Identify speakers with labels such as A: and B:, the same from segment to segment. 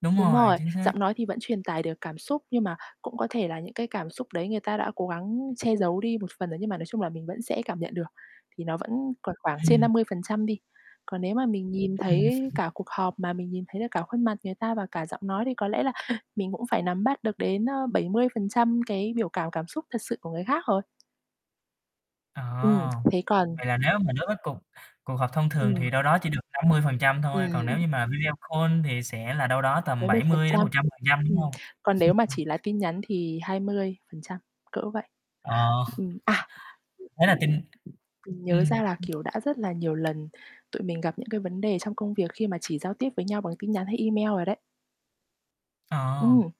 A: Đúng
B: Đúng
A: rồi,
B: rồi,
A: chính xác.
B: giọng nói thì vẫn truyền tải được cảm xúc, nhưng mà cũng có thể là những cái cảm xúc đấy người ta đã cố gắng che giấu đi một phần đó, nhưng mà nói chung là mình vẫn sẽ cảm nhận được thì nó vẫn còn khoảng trên
A: Ừm.
B: 50% đi. Còn nếu mà mình nhìn
A: Ừm.
B: thấy cả cuộc họp, mà mình nhìn thấy được cả khuôn mặt người ta và cả giọng nói, thì có lẽ là mình cũng phải nắm bắt được đến, ơ, 70% cái biểu cảm cảm xúc thật sự của người khác rồi.
A: À.
B: Ừm, thế còn
A: Vậy là nếu mà đối với cuộc cuộc họp thông thường
B: Ừm.
A: thì đâu đó chỉ được 50% thôi, còn nếu
B: Ừm.
A: như mà video call thì sẽ là đâu đó tầm
B: bảy mươi
A: bảy
B: phần
A: mươi đến một
B: trăm,
A: trăm phần trăm, đúng
B: ừm.
A: hông?
B: Còn nếu mà chỉ là tin nhắn thì 20%, cỡ vậy,
A: Ờ.
B: ừm. À!
A: Đấy là kinh
B: Mình nhớ
A: ừm.
B: ra là, kiểu, đã rất là nhiều lần tụi mình gặp những cái vấn đề trong công việc khi mà chỉ giao tiếp với nhau bằng tin nhắn, hay email rồi đấy.
A: Ờ.
B: Ừm,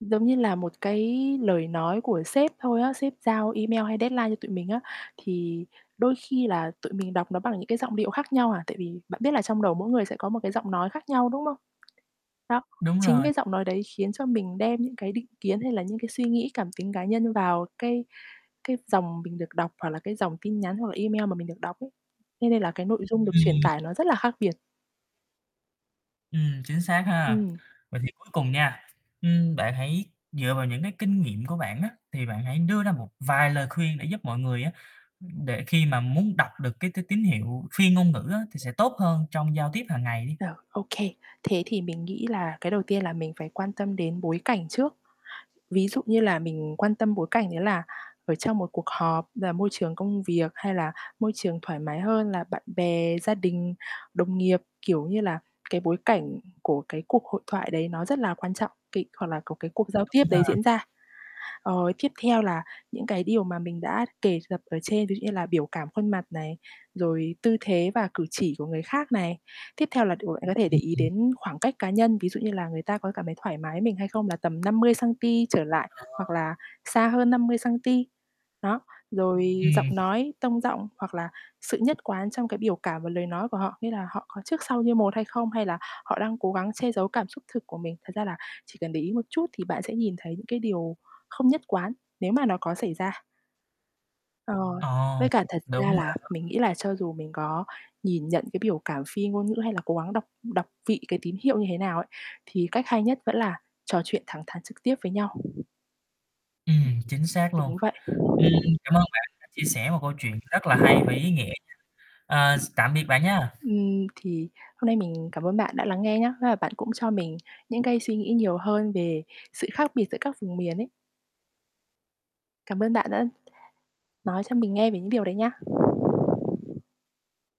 B: giống như là một cái lời nói của sếp thôi á, sếp giao email, hay deadline cho tụi mình á, thì đôi khi là tụi mình đọc nó bằng những cái giọng điệu khác nhau à. Tại vì bạn biết là trong đầu mỗi người sẽ có một cái giọng nói khác nhau, đúng không? Đó.
A: Đúng
B: Chính
A: rồi.
B: cái giọng nói đấy khiến cho mình đem những cái định kiến, hay là những cái suy nghĩ cảm tính cá nhân vào cái cái dòng mình được đọc, hoặc là cái dòng tin nhắn, hoặc là email mà mình được đọc ấy. Thế nên là cái nội dung được truyền
A: Ừm.
B: tải nó rất là khác biệt.
A: Ừm, chính xác ha.
B: Ừm.
A: Vậy thì cuối cùng nha, ưm, bạn hãy dựa vào những cái kinh nghiệm của bạn á, thì bạn hãy đưa ra một vài lời khuyên để giúp mọi người á, ưm, để khi mà muốn đọc được cái t tín hiệu phi ngôn ngữ á thì sẽ tốt hơn trong giao tiếp hằng ngày đi.
B: Được, ô kê. Thế thì mình nghĩ là cái đầu tiên là mình phải quan tâm đến bối cảnh trước. Ví dụ như là mình quan tâm bối cảnh đấy là ở trong một cuộc họp là môi trường công việc, hay là môi trường thoải mái hơn là bạn bè, gia đình, đồng nghiệp, kiểu như là, cái bối cảnh của cái cuộc hội thoại đấy nó rất là quan trọng, cái hoặc là có cái cuộc giao tiếp
A: Đúng ha.
B: đấy diễn ra. Ờ, tiếp theo là những cái điều mà mình đã kể gặp ở trên, ví dụ như là biểu cảm khuôn mặt này, rồi tư thế và cử chỉ của người khác này. Tiếp theo là đ bạn có thể để
A: Ừm,
B: ý
A: ừm.
B: đến khoảng cách cá nhân, ví dụ như là người ta có cảm thấy thoải mái với mình hay không, là tầm 50 xăng-ti trở lại hoặc
A: Ờ.
B: là xa hơn 50 xăng-ti. Đó, rồi giọng
A: Ừm.
B: nói, tông giọng, hoặc là sự nhất quán trong cái biểu cảm và lời nói của họ, nghĩa là họ có trước sau như một hay không, hay là họ đang cố gắng che giấu cảm xúc thật của mình. Thật ra là chỉ cần để ý một chút thì bạn sẽ nhìn thấy những cái điều không nhất quán nếu mà nó có xảy ra. Ờ.
A: Ờ,
B: Với cả thật
A: đúng
B: ra là
A: ha.
B: mình nghĩ là cho dù mình có nhìn nhận cái biểu cảm phi ngôn ngữ, hay là cố gắng đọc đọc vị cái tín hiệu như thế nào ấy, thì cách hay nhất vẫn là trò chuyện thẳng thắn trực tiếp với nhau.
A: Ừm, chính xác luôn.
B: Đúng vậy.
A: Ừm, cảm ơn bạn đã chia sẻ một câu chuyện rất là hay và ý nghĩa. À, x tạm biệt bạn nha.
B: Ưm, thì hôm nay mình cảm ơn bạn đã lắng nghe nhá, thế là bạn cũng cho mình những cái suy nghĩ nhiều hơn về sự khác biệt giữa các vùng miền ấy. Cảm ơn bạn đã nói cho mình nghe về những điều đấy nhá.